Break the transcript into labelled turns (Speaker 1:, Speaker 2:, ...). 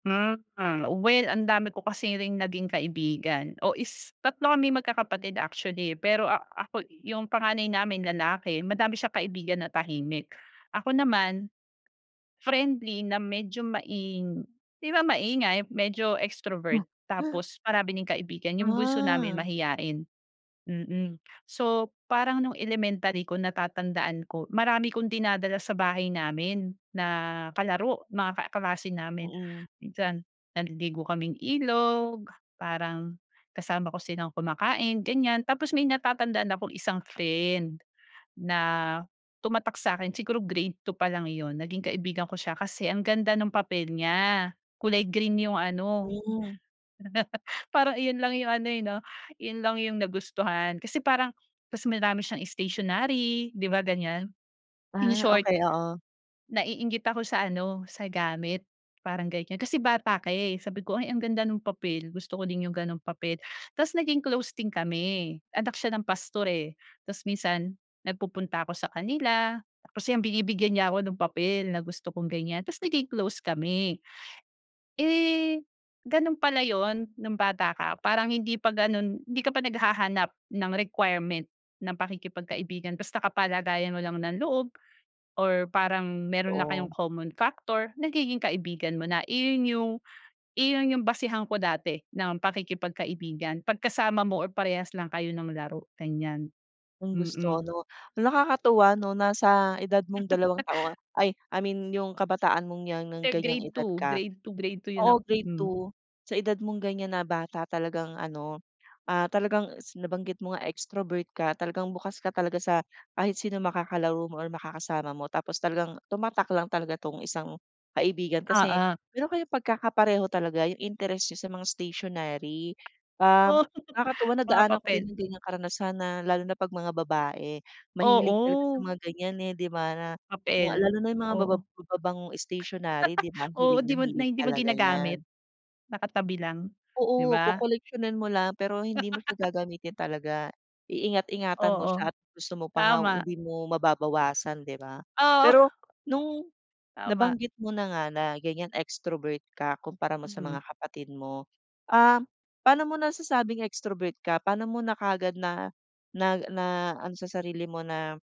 Speaker 1: Hmm, hmm. Well, ang dami ko kasi ring naging kaibigan. O, is tatlo kami magkakapatid, actually. Pero a ako yung panganay namin lalaki. Madami siyang kaibigan na tahimik. Ako naman, friendly na medyo maing di ba maingay, medyo extrovert, tapos marami ding kaibigan. Yung bunso namin
Speaker 2: Ah.
Speaker 1: mahiyain, mm. So, parang nung elementary ko, natatandaan ko marami akong dinadala sa bahay namin na kalaro, mga kaklase namin.
Speaker 2: Mm.
Speaker 1: Minsan, naliligo kaming ilog, parang kasama ko silang kumakain, ganiyan. Tapos may natatandaan akong isang friend, na tumatak sa'kin. Siguro grade 2 palang yun, naging kaibigan ko siya kasi ang ganda nung papel niya, kulay green yung ano,
Speaker 2: Hmm.
Speaker 1: parang iyon lang yung ano, eh, 'no, yun lang yung nagustuhan. Kasi parang ta's marami siyang stationary, 'di ba ganiyan. In
Speaker 2: Ah,
Speaker 1: short,
Speaker 2: okey, oo.
Speaker 1: naiinggit ako sa ano, sa gamit, parang ganiyan. Kasi bata ka, eh. Sabi ko, "Ay, ang ganda nung papel, gusto ko din yung gano'ng papel." Ta's naging close din kami. Anak siya ng pastor, eh. Ta's minsan nagpupunta ako sa kanila tapos yun, binibigyan niya ako ng papel na gusto kong ganiyan, ta's naging close kami. Eh, ganun pala yun, nung bata ka parang hindi pa ganun hindi ka pa naghahanap ng requirement ng pakikipagkaibigan, basta kapalagayan mo lang ng loob or parang meron lang kayong
Speaker 2: Totoo.
Speaker 1: common factor, nagiging kaibigan mo na. Iyon yung iyon yung basehan ko dati ng pakikipagkaibigan, 'pag kasama mo or parehas lang kayo ng laro, ganiyan.
Speaker 2: Yung gusto
Speaker 1: Mm.
Speaker 2: ano. Nakakatuwa 'no, na sa edad mong dalawang taon, ay, I mean yung kabataan mong 'yan, nung
Speaker 1: Eh,
Speaker 2: ganiyang
Speaker 1: grade
Speaker 2: edad
Speaker 1: 2.
Speaker 2: ka.
Speaker 1: Grade 2, grade 2 yun ako
Speaker 2: Oo, grade
Speaker 1: hmm.
Speaker 2: 2, sa edad mong ganiyan na bata, talagang ano, ah, talagang si nabanggit mo nga, extrovert ka. Talagang bukas ka talaga sa kahit sinong makakalaro mo or makakasama mo, tapos talagang tumatak lang talaga 'tong isang kaibigan kasi
Speaker 1: Oo.
Speaker 2: meron kayong pagkakakapareho talaga, yung interest niyo sa mga stationary. Um,
Speaker 1: Oo,
Speaker 2: nakakatuwa,
Speaker 1: mga
Speaker 2: nadaanan ko
Speaker 1: papel.
Speaker 2: rin yung ganiyang karanasan na lalo na 'pag mga babae, mahilig talaga sa
Speaker 1: Oo.
Speaker 2: mga ganiyan, eh, 'di ba? Na mga
Speaker 1: Papel.
Speaker 2: lalo na yung mga mababa
Speaker 1: Oo.
Speaker 2: mababangong stationary, 'di ba
Speaker 1: Oo,
Speaker 2: hilig
Speaker 1: di
Speaker 2: na
Speaker 1: mo na
Speaker 2: hilig
Speaker 1: hindi mo
Speaker 2: talaga
Speaker 1: ginagamit.
Speaker 2: niyan.
Speaker 1: Nakatabi lang, 'di
Speaker 2: Oo,
Speaker 1: ba?
Speaker 2: kokoleksiyonin mo lang. Pero hindi mo siya gagamitin talaga. Iingat-ingatan mo
Speaker 1: Oo.
Speaker 2: siya at gusto mo pa nga,
Speaker 1: Tama.
Speaker 2: hindi mo mababawasan, 'di ba?
Speaker 1: Oo.
Speaker 2: Pero nung
Speaker 1: Tama.
Speaker 2: nabanggit mo na nga, na ganiyan extrovert ka, kumpara mo sa
Speaker 1: Mm.
Speaker 2: mga kapatid mo. Ah, paano mo nasasabing extrovert ka? Paano mo na kaagad na nag na naano sa sarili mo na